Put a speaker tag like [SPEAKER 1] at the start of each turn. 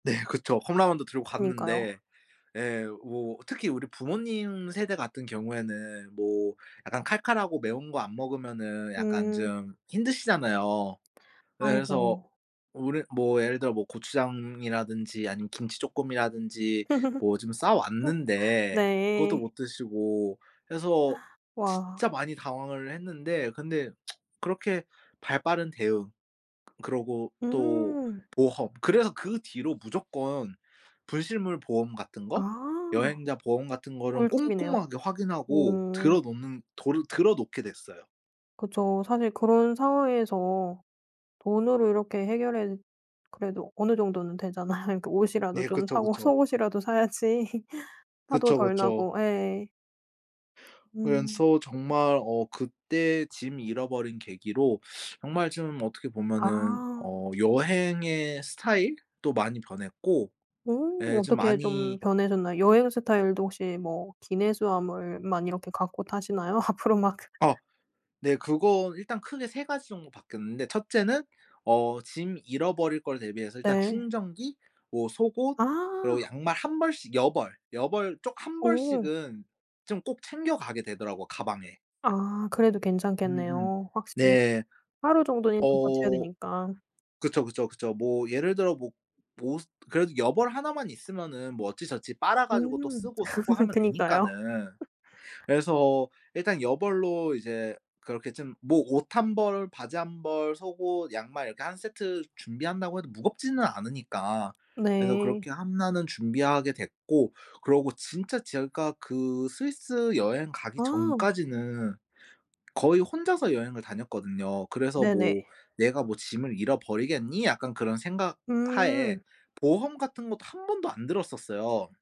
[SPEAKER 1] 네 그쵸. 컵라면도 들고
[SPEAKER 2] 그니까요.
[SPEAKER 1] 갔는데 예 뭐 특히 우리 부모님 세대 같은 경우에는 뭐 약간 칼칼하고 매운 거 안 먹으면은 약간
[SPEAKER 2] 음.
[SPEAKER 1] 좀 힘드시잖아요. 예 그래서
[SPEAKER 2] 아이고.
[SPEAKER 1] 우리 뭐 예를 들어 뭐 고추장이라든지 아니면 김치 쪼끔이라든지 뭐 좀 싸왔는데 그것도
[SPEAKER 2] 네.
[SPEAKER 1] 못 드시고 그래서
[SPEAKER 2] 와.
[SPEAKER 1] 진짜 많이 당황을 했는데 근데 그렇게 발 빠른 대응 그러고 또
[SPEAKER 2] 음.
[SPEAKER 1] 보험 그래서 그 뒤로 무조건 분실물 보험 같은
[SPEAKER 2] 아.
[SPEAKER 1] 거 여행자 보험 같은 거를
[SPEAKER 2] 꿀팁이네요.
[SPEAKER 1] 꼼꼼하게 확인하고
[SPEAKER 2] 오.
[SPEAKER 1] 들어 놓는 도르 들어 놓게 됐어요.
[SPEAKER 2] 그쵸. 사실 그런 상황에서 돈으로 이렇게 해결해 그래도 어느 정도는 되잖아요. 그러니까 옷이라도
[SPEAKER 1] 네
[SPEAKER 2] 좀
[SPEAKER 1] 그쵸,
[SPEAKER 2] 사고
[SPEAKER 1] 그쵸.
[SPEAKER 2] 속옷이라도 사야지 화도
[SPEAKER 1] 그쵸,
[SPEAKER 2] 덜
[SPEAKER 1] 그쵸.
[SPEAKER 2] 나고 예. 음.
[SPEAKER 1] 그래서 정말 어 그때 짐 잃어버린 계기로 정말 좀 어떻게 보면은
[SPEAKER 2] 아.
[SPEAKER 1] 어 여행의 스타일도 많이 변했고
[SPEAKER 2] 오
[SPEAKER 1] 예 좀
[SPEAKER 2] 어떻게 좀
[SPEAKER 1] 많이
[SPEAKER 2] 변해졌나요? 여행 스타일도 혹시 뭐 기내 수하물만 이렇게 갖고 타시나요 앞으로 막?
[SPEAKER 1] 아 네 그건 일단 크게 3 가지 정도 바뀌었는데 1 째는 어 짐 잃어버릴 거를 대비해서 일단
[SPEAKER 2] 네.
[SPEAKER 1] 충전기 뭐 속옷 그리고
[SPEAKER 2] 아.
[SPEAKER 1] 양말 1 벌씩 여벌, 여벌 쪽 1
[SPEAKER 2] 어.
[SPEAKER 1] 벌씩은 좀 꼭 챙겨가게 되더라고요 가방에.
[SPEAKER 2] 아 그래도
[SPEAKER 1] 음음.
[SPEAKER 2] 괜찮겠네요 확실히.
[SPEAKER 1] 네.
[SPEAKER 2] 하루 정도는 일단 버텨야
[SPEAKER 1] 어
[SPEAKER 2] 되니까.
[SPEAKER 1] 그쵸, 그쵸, 그쵸. 뭐 예를 들어 뭐 옷 그래도 여벌 1 만 있으면은 뭐 어찌저찌 빨아 가지고 또
[SPEAKER 2] 음.
[SPEAKER 1] 쓰고, 쓰고 하면
[SPEAKER 2] 그니까요.
[SPEAKER 1] 되니까는 그래서 일단 여벌로 이제 그렇게 좀 뭐 옷 1 벌, 바지 1 벌, 속옷, 양말 이렇게 1 세트 준비한다고 해도 무겁지는 않으니까 그래서
[SPEAKER 2] 네.
[SPEAKER 1] 그렇게 1 는 준비하게 됐고 그러고 진짜 제가 그 스위스 여행 가기
[SPEAKER 2] 아.
[SPEAKER 1] 전까지는 거의 혼자서 여행을 다녔거든요. 그래서
[SPEAKER 2] 네네.
[SPEAKER 1] 뭐 '내가 뭐 짐을 잃어버리겠니?' 약간 그런 생각 하에
[SPEAKER 2] 음.
[SPEAKER 1] 보험 같은 것도 1 번도 안 들었었어요.